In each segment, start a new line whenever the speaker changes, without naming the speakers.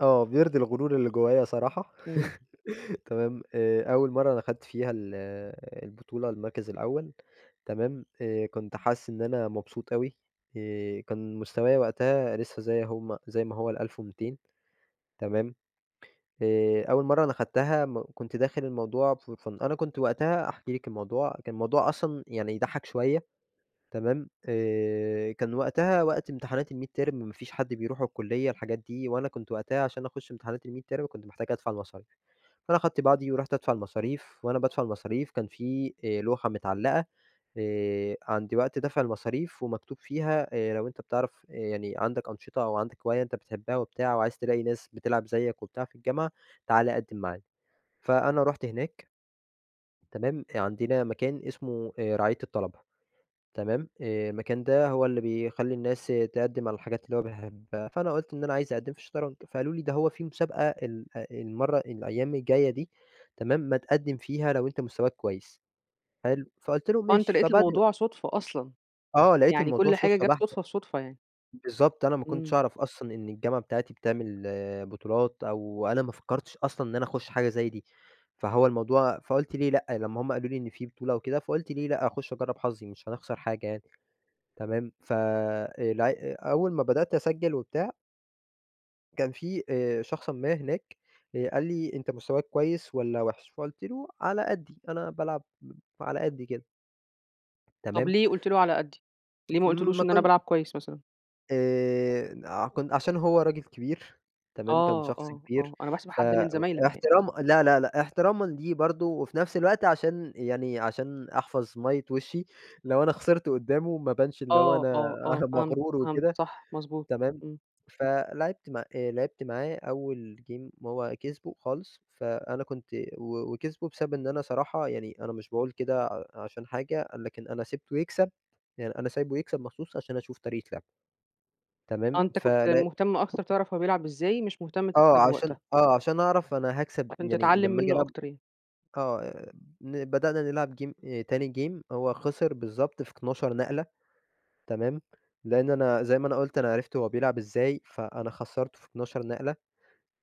آه، بيرضي الغرور اللي جوّايا صراحة،
امم.
تمام؟ آآ أول مرة أنا أخَدت فيها ال البطولة المركز الأول، تمام؟ آآ كنت حاسس إن أنا مبسوط أوي، آآ كان مستوايا وقتها لسه زي هم زي ما هو ال1200، تمام؟ آآ أول مرة أنا أخدتها م كنت داخل الموضوع for fun أنا كنت وقتها، أحكي لكِ الموضوع، كان الموضوع أصلًا يعني يضَحَّك شوية، تمام؟ آآ كان وقتها وقت امتحانات الميدتيرم ما فيش حد بيروح الكلية الحاجات دي، وأنا كنت وقتها عشان أخش امتحانات الميدتيرم كنت محتاج أدفع المصاريف، فأنا أخدت بعضي ورُحت أدفع المصاريف، وأنا بادفع المصاريف كان في آآ لوحة متعلقة، آآ، عند وقت دَفع المصاريف، ومكتوب فيها آآ لو أنتَ بتعرف آآ يعني عندك أنشطة، أو عندك هواية أنتَ بتحبها وبتاع، وعايز تلاقي ناس بتلعب زيّك وبتاع في الجامعة، تعالَ قدّم معانا، فأنا رُحت هناك، تمام؟ آآ عندنا مكان اسمه آآ رعاية الطلبة تمام؟ آآ المكان ده هو اللي بيخلّي الناس تقَدّم على الحاجات اللي هو بيحبها، فأنا قُلت إن أنا عايز أقدّم في الشطرنج، فقالوا لي: "ده هو في مسابقة ال آآ، المَّرة الأيام الجايّة دي" تمام؟ "ما تقدّم فيها لو أنتَ مستواك كويس." حلو؟ فقُلت لهم:
آه، أنتَ
"ماشي."
لقيت
فبعد
الموضوع صُدفة أصلًا،
آه، لقيت
يعني
الموضوع
كل حاجة
صُدفة
جات
بحتة،
صُدفة في صُدفة يعني.
بالضبط، أنا ما كنتش
امم.
أعرف أصلًا إن الجامعة بتاعتي بتعمل بطولات، أو أنا ما فكرتش أصلًا إن أنا أخش حاجة زي دي، فهو الموضوع فقُلت: "ليه لأ؟" لمّا هم قالوا لي إن في بطولة وكده، فقُلْت: "ليه لأ؟ أخش أجرّب حظي، مش هنخسر حاجة يعني." تمام؟ ف الع أول ما بدأت أسجل وبتاع كان في آآ شخصًا ما هناك، آآ، قال لي: "أنتَ مستواك كويس والّا وحش؟" فقُلت له: "على قدّي، أنا بالعب على قدّي كده."
طب
تمام؟
ليه قُلت له على قدّي؟ ليه ما
م
قُلتلوش
ما
إن أنا
كنت
بالعب كويس مثلًا؟
آآ، آه كن عشان هو راجل كبير، تمام؟ كان
آه،
شخص
آه،
كبير،
آه أنا باحسب
ف
حد
إ
من زمايلك يعني.
احترام لا، لا، لا، احترامًا ليه برضو، وفي نفس الوقت عشان يعني، عشان أحفظ مَيِّة وشِّي، لو أنا خسرت قُدّامه ما أبانش اللي هو
آه،
أنا
آه، آه، فهمت،
مغرور
فهمت،
وكده
صح، مضبوط،
تمام؟
امم.
فَلعبت مع آآ لعبت معاه أول game هو كسبه خالص، فأنا كنت و وكسبه بسبب إن أنا صراحة يعني أنا مش باقول كده ع عشان حاجة، لكن أنا سِبته يكسب يعني أنا سايبه يكسب مخصوص عشان أشوف طريقة لعبه.
آه،
تمام؟
أنتَ كنت
فلع
مهتم أكتر تعرف هو بيلعب إزاي، مش مهتم
آه
تكسبه
عشان
وقتها.
آه عشان أعرف أنا هاكسب
عشان
يعني
تتعلّم
لمّا آجي
منّه
ألعب
أكتر يعني.
آه ن بدأنا نلعب game آآ تاني game هو خسر بالضبط في 12 نقلة، تمام؟ لإن أنا زي ما أنا قُلت أنا عرفت هو بيلعب إزاي، فأنا خسّرته في 12 نقلة،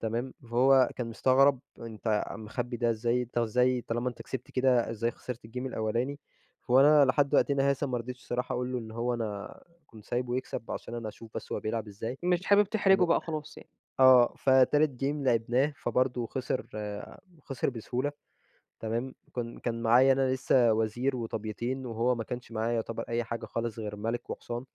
تمام؟ فهو كان مستغرب، أنتَ مخبّي ده إزاي؟ أنتَ إزاي طالما أنتَ كسبت كده، إزاي خسِرت الgame الأولاني؟ وأنا لحد وقتنا هذا ما رضيتش الصراحة أقول له إن هو أنا كنت سايبه يكسب عشان أنا أشوف بس هو بيلعب إزاي،
مش حابب تحرجه
تمام.
بقى خلاص يعني.
آه فتالت game لِعبناه، فبرضو خِسر، خِسر بسهولة، تمام؟ كن كان معايا أنا لسّه وزير وطَبْيتين، وهو ما كانش معاه يُعتبر أي حاجة خالص غير مَلِك وحصان.